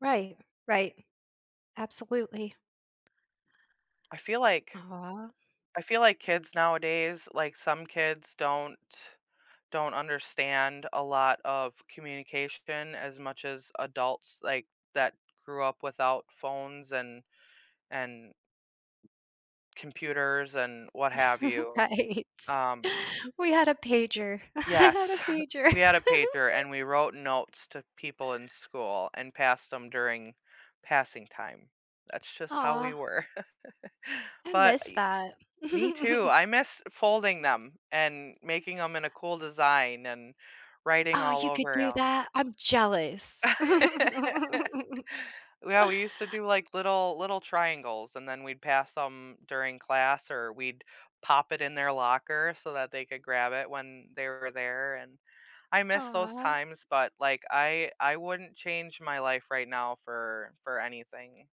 Right, right. Absolutely. I feel like Aw. I feel like kids nowadays, like, some kids don't don't understand a lot of communication as much as adults, like, that grew up without phones and and computers and what have you, Right. um We had a pager. I had a Yes, pager. we had a pager, and we wrote notes to people in school and passed them during passing time. That's just how we Aw. were. I But miss I that. me too. I miss folding them and making 'em in a cool design and writing Oh, all you could over do 'em. that? I'm jealous. Well, we used to do like little little triangles, and then we'd pass 'em during class or we'd pop it in their locker so that they could grab it when they were there, and I miss those Aw. times, but, like, I I wouldn't change my life right now for for anything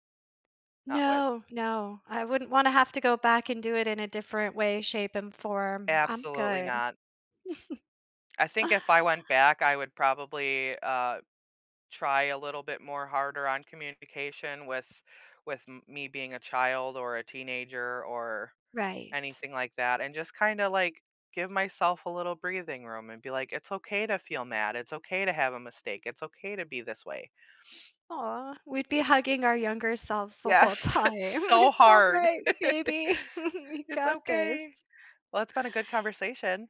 not with No, no, I wouldn't wanna have to go back and do it in a different way, shape, and form. I'm Absolutely good. not. I think if I went back, I would probably, uh, try a little bit more harder on communication with with me being a child or a teenager or Right. anything like that, and just kinda, like, give myself a little breathing room and be like, "It's okay to feel mad. It's okay to have a mistake. It's okay to be this way." Aw, we'd be hugging our younger selves the whole Yes. time. It's so "It's hard. alright, baby. We It's got okay. this." Well, it's been a good conversation.